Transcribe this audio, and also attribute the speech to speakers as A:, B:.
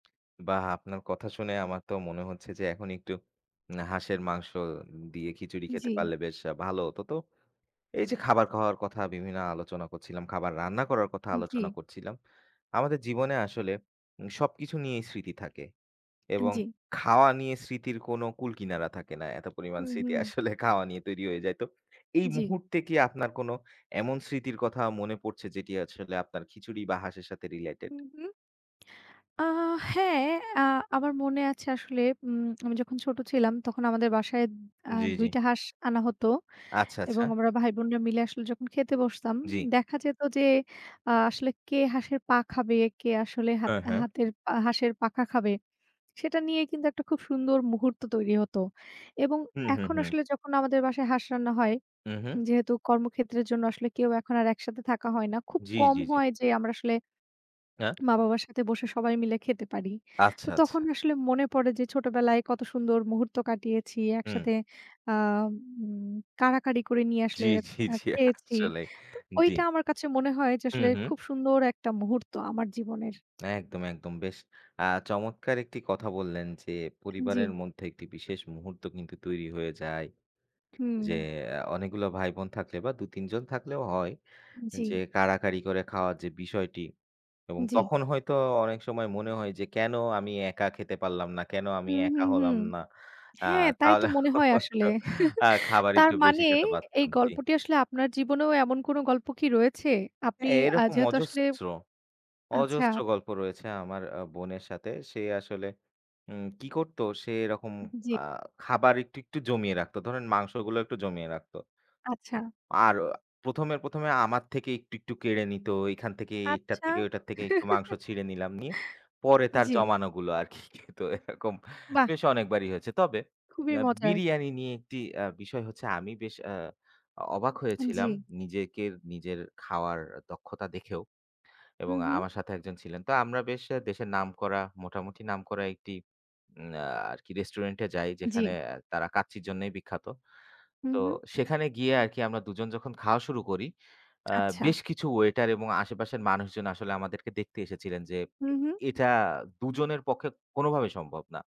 A: বাহ্! আপনার কথা শুনে আমার তো মনে হচ্ছে যে, এখন একটু উম হাঁসের মাংস দিয়ে খিচুড়ি খেতে
B: জি।
A: পারলে, বেশ ভালো হতো। তো এই যে, খাবার খাওয়ার কথা, বিভিন্ন আলোচনা করছিলাম, খাবার রান্না করার কথা আলোচনা
B: জি।
A: করছিলাম। আমাদের জীবনে আসলে উম সবকিছু নিয়েই স্মৃতি থাকে।
B: আন
A: এবং
B: জি।
A: খাওয়া নিয়ে স্মৃতির কোনো কুলকিনারা থাকে না। এত পরিমাণ
B: হুম,
A: স্মৃতি
B: হুম।
A: আসলে খাওয়া নিয়ে তৈরি হয়ে যায়। তো এই
B: জি।
A: মুহূর্তে কি আপনার কোনো এমন স্মৃতির কথা মনে পড়ছে, যেটি আসলে আপনার খিচুড়ি বা হাঁসের সাথে related?
B: হু, হু। আ হ্যাঁ আ আমার মনে আছে আসলে উম আমি যখন ছোট ছিলাম, তখন আমাদের বাসায় আ
A: জি, জি।
B: ২ টা হাঁস আনা হতো।
A: আচ্ছা, আচ্ছা।
B: এবং আমরা ভাই-বোনরা মিলে আসলে যখন খেতে বসতাম,
A: জি।
B: দেখা যেত যে আ আসলে কে হাঁসের পা খাবে, কে আসলে হাত
A: হ্যাঁ, হ্যাঁ।
B: হাতের পা হাঁসের পাখা খাবে, সেটা নিয়ে কিন্তু একটা খুব সুন্দর মুহূর্ত তৈরি হতো এবং
A: হু, হু,
B: এখন
A: হু।
B: আসলে যখন আমাদের বাসায় হাঁস রান্না হয়,
A: উহু।
B: যেহেতু কর্মক্ষেত্রের জন্য আসলে কেউ এখন আর একসাথে থাকা হয় না। খুব
A: জি,
B: কম
A: জি, জি।
B: হয় যে আমরা আসলে
A: হ্যাঁ?
B: মা-বাবার সাথে বসে সবাই মিলে খেতে পারি।
A: আচ্ছা,
B: তো
A: আচ্ছা।
B: তখন আসলে মনে পড়ে যে, ছোটবেলায় কত সুন্দর মুহূর্ত কাটিয়েছি
A: হুম।
B: একসাথে, আ উম কাড়াকাড়ি করে নিয়ে
A: জি,
B: আসলে
A: জি,
B: আ
A: জি।
B: খেয়েছি।
A: আসলেই।
B: তো
A: জি।
B: ঐটা আমার কাছে মনে হয় যে,
A: হু,
B: আসলে
A: হু।
B: খুব সুন্দর একটা মুহূর্ত আমার জীবনের।
A: একদম, একদম। বেশ আ চমৎকার একটি কথা বললেন যে, পরিবারের
B: জি।
A: মধ্যে একটি বিশেষ মুহূর্ত কিন্তু তৈরি হয়ে যায়। যে
B: হুম।
A: আ অনেকগুলো ভাই-বোন থাকলে বা ২-৩ জন থাকলেও হয়। যে
B: জি।
A: কাড়াকাড়ি করে খাওয়ার যে বিষয়টি এবং
B: জি।
A: তখন হয়তো অনেক সময় মনে হয় যে, কেন আমি একা খেতে পারলাম না? কেন আমি
B: হুম,
A: একা
B: হুম, হুম।
A: হলাম না? আ
B: হ্যাঁ, তাই তো
A: তাহলে
B: মনে হয় আসলে।
A: হয়তো আ খাবার
B: তার
A: একটু বেশি
B: মানে,
A: খেতে
B: এই
A: পারতাম। জি।
B: গল্পটি আসলে, আপনার জীবনেও এমন কোনো গল্প কি রয়েছে? আপনি
A: হ্যাঁ,
B: আ
A: এরকম
B: যেহেতু আসলে
A: অজস্র,
B: আচ্ছা।
A: অজস্র গল্প রয়েছে আমার আ বোনের সাথে। সে আসলে উম কী করত? সে এরকম
B: জি।
A: আ খাবার একটু, একটু জমিয়ে রাখত। ধরেন মাংসগুলো একটু জমিয়ে রাখত।
B: আচ্ছা।
A: আর ১মে, ১মে আমার থেকে একটু, একটু কেড়ে নিত, এইখান থেকে এটার
B: আচ্ছা।
A: থেকে, ওটার থেকে একটু মাংস ছিঁড়ে নিলাম, নিয়ে পরে তার
B: জি।
A: জমানোগুলো আরকি খেত। এরকম
B: বাহ্!
A: বেশ অনেকবারই হয়েছে। তবে
B: খুবই
A: অ্যা
B: মজার।
A: বিরিয়ানি নিয়ে ১ টি অ্যা বিষয় হচ্ছে, আমি বেশ অ্যা অবাক হয়েছিলাম
B: জি।
A: নিজের, নিজের খাওয়ার দক্ষতা দেখেও
B: হু,
A: এবং
B: হু।
A: আমার সাথে ১ জন ছিলেন। তো আমরা বেশ দেশের নামকরা, মোটামুটি নামক একটি উম আ আরকি রেস্টুরেন্টে যাই, যেখানে
B: জি।
A: তারা কাচ্চির জন্যই বিখ্যাত।
B: হু,
A: তো
B: হু।
A: সেখানে গিয়ে আরকি আমরা ২ জন যখন খাওয়া শুরু করি, অ্যা
B: আচ্ছা।
A: বেশ কিছু ওয়েটার এবং আশেপাশের মানুষজন আসলে আমাদেরকে দেখতে এসেছিলেন যে,
B: হু, হু।
A: এটা ২ জনের পক্ষে কোনোভাবেই সম্ভব না।